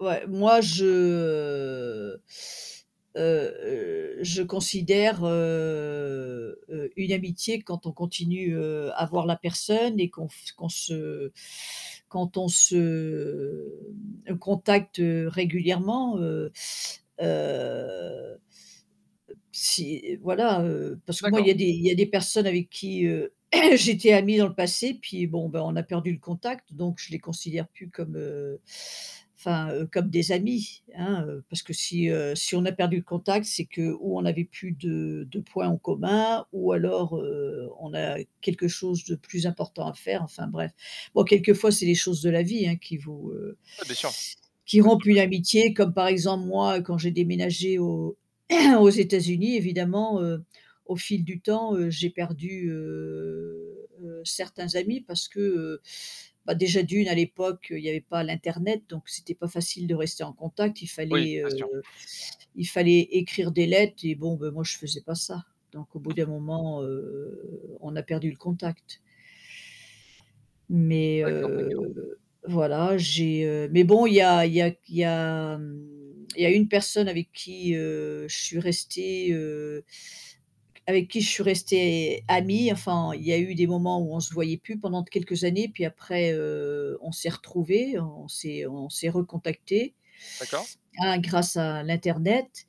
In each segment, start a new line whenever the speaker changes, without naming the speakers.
Ouais, moi, je, heu heu heu, je considère, heu heu, une amitié quand on continue, heu, à voir la personne et qu'on f qu'on se, quand on se, hem, contacte, heu, régulièrement, heu heu, si, voilà, heu, parce que moi,
D'accord.
il y a des il y des personnes avec qui, heu, j'étais amie dans le passé puis bon, bah, on a perdu le contact, donc je les considère plus comme, heu enfin, heu, comme des amis, hein, heu, parce que si, heu, si on a perdu le contact c'est que ou on n'avait plus de de points en commun ou alors, heu, on a quelque chose de plus important à faire, enfin, bref, bon, quelquefois c'est les choses de la vie, hein, qui vous, heu,
Ouais, bien sûr.
qui
Bien sûr,
rompent
bien
une
s
amitié comme, par exemple, moi, quand j'ai déménagé aux aux États-Unis évidemment, heu, au fil du temps, heu, j'ai perdu, heu heu, certains amis parce que, heu, bah, déjà d'1 à l'époque, il y avait pas l'internet, donc c'était pas facile de rester en contact, il
Oui,
fallait,
c'est
heu,
sûr.
il fallait écrire des lettres et bon, ben moi, je faisais pas ça, donc au bout d'un moment, heu, on a perdu le contact mais
D'accord, d'accord.
heu, voilà, j'ai, heu mais bon, il y a il y a q il y a mmh, il y a une personne avec qui, heu, je suis restée, heu avec qui je suis restée amie, enfin, il y a eu des moments où on se voyait plus pendant quelques années puis après, heu, on s'est retrouvés, on s'est on s'est recontactés,
D'accord.
hein, grâce à l'internet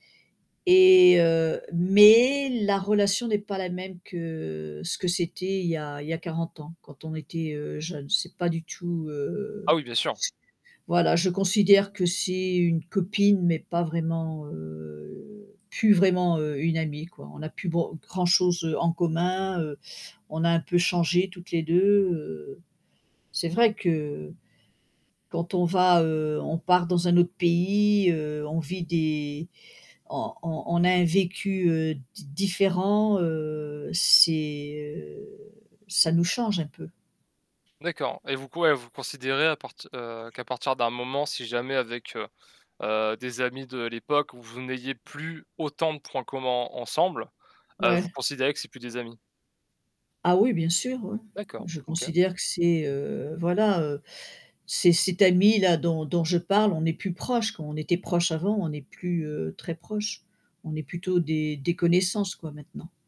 et heu mais la relation n'est pas la même que, ce que c'était il y a il y a 40 ans quand on était, heu, jeunes, c'est pas du tout, heu,
Ah oui, bien sûr.
voilà, je considère que c'est une copine, mais pas vraiment, heu, plus vraiment, heu, une amie, quoi. On n'a plus ban grand-chose en commun, heu, on a un peu changé toutes les 2, heu, c'est vrai que, heu, quand on va, heu, on part dans un autre pays, heu, on vit des on on on a un vécu, heu, di différent, heu, c'est, heu, ça nous change un peu.
D'accord et vous q ouais, vous considérez à partir heu, qu'à partir d'un moment, si jamais avec, heu heu, des amis de l'époque où vous n'ayez plus autant de points communs en ensemble, heu, vous
Ouais.
considérez que c'est plus des amis?
Ah oui, bien sûr, oui,
D'accord,
je
OK.
considère que c'est, heu, voilà, heu, c'est cette amie-là dont dont je parle, on n'est plus proches, quoi, on était proches avant, on n'est plus, heu, très proches, on est plutôt des des connaissances, quoi, maintenant.